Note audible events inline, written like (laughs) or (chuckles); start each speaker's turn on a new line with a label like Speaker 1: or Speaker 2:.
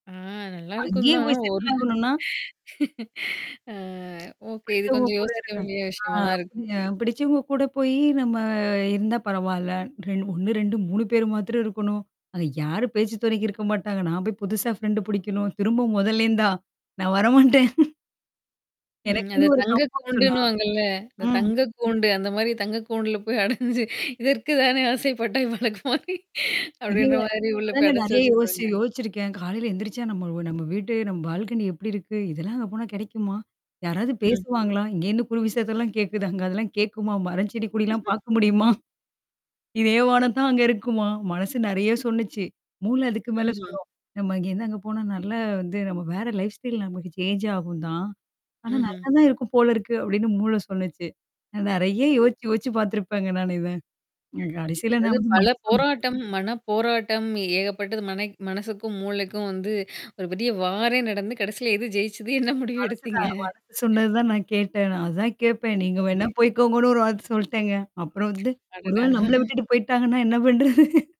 Speaker 1: அ நல்லாருக்கும்
Speaker 2: அங்கேயே
Speaker 1: தான்.
Speaker 2: போய்
Speaker 1: ஒரு
Speaker 2: செட்டில் ஆகணும்னா?
Speaker 1: (chuckles) ஆ ஓகே. இது
Speaker 2: பிடித்தவங்க
Speaker 1: கொஞ்சம்
Speaker 2: கூட
Speaker 1: யோசிக்க
Speaker 2: இருக்க.
Speaker 1: வேண்டிய விஷயமா
Speaker 2: ஆ
Speaker 1: தான் இருக்கு.
Speaker 2: அ பிடிச்சவங்க கூட போயி நம்ம இருந்தா பரவால்ல. 2, 3, 1, 2, 3 பேரு மாத்திரம் இருக்கணும். அத யாரு பேச்சு துணைக்கு இருக்க மாட்டாங்க. நான் போய் புதுசா ஃப்ரெண்ட் புடிக்கணும். திரும்ப மொதல்லிருந்தா? நான் வரமாட்டேன்.
Speaker 1: ம். அத
Speaker 2: எனக்குன்னு ஒரு
Speaker 1: தங்க
Speaker 2: கம்ப்ஃபர்ட் ஜோன்னா.
Speaker 1: கூண்டுன்னுவாங்கல்ல. இந்த
Speaker 2: ம்.
Speaker 1: தங்க கூண்டு, அந்த மாரி தங்கக்கூண்டுல போய் அடஞ்சு. "இதற்கு தானே ஆசைப்பட்டாய் பாலகுமாரி" அப்படின்ற
Speaker 2: (unintelligible)
Speaker 1: மாரி
Speaker 2: அப்ப
Speaker 1: உள்ள போய்
Speaker 2: தாங்க
Speaker 1: அடச்சு
Speaker 2: நெறைய யோசிச்சு
Speaker 1: வச்சுருவாங்க.
Speaker 2: யோசிச்சிருக்கேன். "காலையில எழுந்திரிச்சா நம்ம நம்ம வீட்டு நம்ம பால்கனி எப்படி இருக்கு? இதெல்லாம் அங்க போனா கிடைக்குமா? யாராவது
Speaker 1: ம்ஹ்ம்.
Speaker 2: பேசுவாங்களா? இங்கேன்னு குறு விஷயத்தல்லாம் கேட்குது. அங்க அதெல்லாம் கேட்குமா? மரம் செடி, கொடிலாம்
Speaker 1: (laughs)
Speaker 2: பார்க்க முடியுமா? இதேவானம் தான் அங்க இருக்குமா?" மனசு நெறைய சொல்லுச்சு. மூளை அதுக்கு மேல
Speaker 1: ம்ஹ்ம்.
Speaker 2: சொல்லும். "நம்ம இங்கேருந்து அங்க போனா நல்லா வந்து நம்ம வேற லைஃப் ஸ்டைல் நமக்கு சேஞ்ச் ஆகும்தான்? ஆனா
Speaker 1: ம்ஹ்ம்.
Speaker 2: நல்லா தான் இருக்கும் போல இருக்கு." அப்படின்னு மூளை சொல்லுச்சு. நெறைய
Speaker 1: ம்.
Speaker 2: யோசிச்சு யோசிச்சு பார்த்துருப்பேங்க நான இத. கடைசியில நான்
Speaker 1: அதாவது
Speaker 2: வந்து
Speaker 1: பல
Speaker 2: மனச
Speaker 1: போராட்டம், மன போராட்டம் ஏகப்பட்டது. மனை மனசுக்கும், மூளைக்கும் வந்து ஒரு பெரிய வாரே நடந்து கடைசில எது ஜெயிச்சது என்ன முடிவு
Speaker 2: மனசு
Speaker 1: எடுத்தீங்க?
Speaker 2: தான் மனசு சொன்னது தான் நான் கேட்டேன். அதான் நான் கேட்பேன். நீங்க வேணா போய்க்கோங்கன்னு ஒரு வார்த்த சொல்லிட்டேங்க. அப்புறம் வந்து ஒரு
Speaker 1: அடடா!
Speaker 2: வேளை நம்மள
Speaker 1: (chuckles)
Speaker 2: விட்டுட்டு போய்ட்டாங்கன்னா என்ன பண்றது?